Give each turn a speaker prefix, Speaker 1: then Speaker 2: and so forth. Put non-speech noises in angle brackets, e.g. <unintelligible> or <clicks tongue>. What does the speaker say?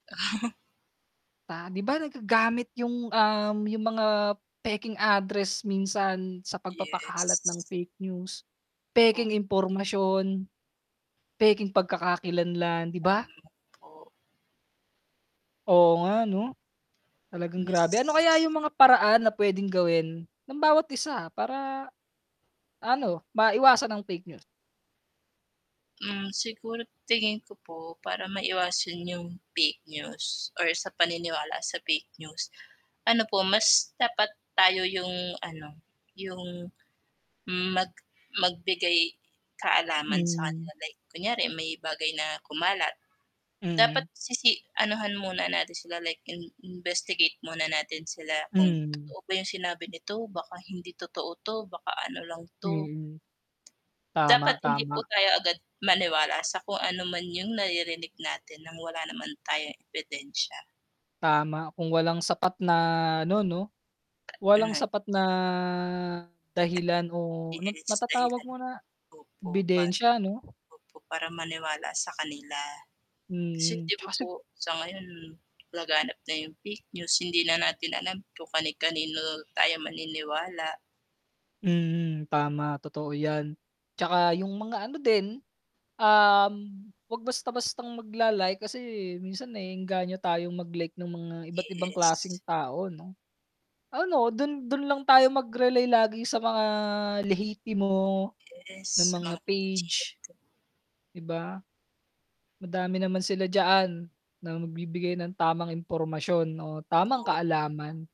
Speaker 1: <chuckles>
Speaker 2: Ah, 'di ba, nagagamit yung, um, yung mga, pekeng address minsan sa pagpapakalat
Speaker 1: Yes.
Speaker 2: ng fake news, pekeng
Speaker 1: <unintelligible>
Speaker 2: impormasyon. Pekeng pagkakakilan lang 'di ba?
Speaker 1: <unintelligible> Oh.
Speaker 2: Oo nga 'no, talagang grabe, ano
Speaker 1: Mas.
Speaker 2: kaya yung mga paraan na pwedeng gawin, ng bawat isa, para ano maiwasan ang fake news.
Speaker 1: Hmm, siguro tingin ko po, para maiwasan yung fake news or sa paniniwala sa fake news, ano po, mas dapat tayo yung ano, yung mag magbigay kaalaman sa kanila,
Speaker 2: Hmm.
Speaker 1: like, kunyari may bagay na kumalat. Dapat
Speaker 2: Mhm.
Speaker 1: sisi anuhan muna natin sila, like, in investigate muna natin sila, kung
Speaker 2: Hmm.
Speaker 1: totoo ba yung sinabi nito, baka hindi totoo 'to, baka ano lang 'to.
Speaker 2: Mm,
Speaker 1: <tsk> Dapat
Speaker 2: tama,
Speaker 1: hindi po
Speaker 2: tama.
Speaker 1: tayo agad maniwala sa kung ano man yung naririnig natin ng wala naman tayong ebidensya.
Speaker 2: Tama, kung walang sapat na ano 'no,
Speaker 1: <clicks tongue>
Speaker 2: walang
Speaker 1: Na.
Speaker 2: sapat na dahilan o ano
Speaker 1: Yes,
Speaker 2: matatawag
Speaker 1: dahilan,
Speaker 2: mo na
Speaker 1: opo. Pa,
Speaker 2: ebidensya ano?
Speaker 1: opo para maniwala sa kanila, kasi,
Speaker 2: Mhm,
Speaker 1: 'di ba
Speaker 2: kasi
Speaker 1: po? Sa ngayon laganap na yung fake news, hindi na natin alam kung kani-kanino tayo maniniwala.
Speaker 2: Mhm, tama, totoo yan, 'tsaka yung mga ano din, um, wag basta-bastang magla-like, kasi, minsan, naeenganyo tayong mag-like ng mga iba't ibang klaseng
Speaker 1: Yes.
Speaker 2: tao 'no. Ano, dun, dun lang tayo mag-relay lagi sa mga lehitimo na
Speaker 1: Yes.
Speaker 2: mga page,
Speaker 1: <unintelligible>
Speaker 2: 'di ba? Madami naman sila diyaan, na magbibigay ng tamang impormasyon o tamang
Speaker 1: <unintelligible>
Speaker 2: kaalaman.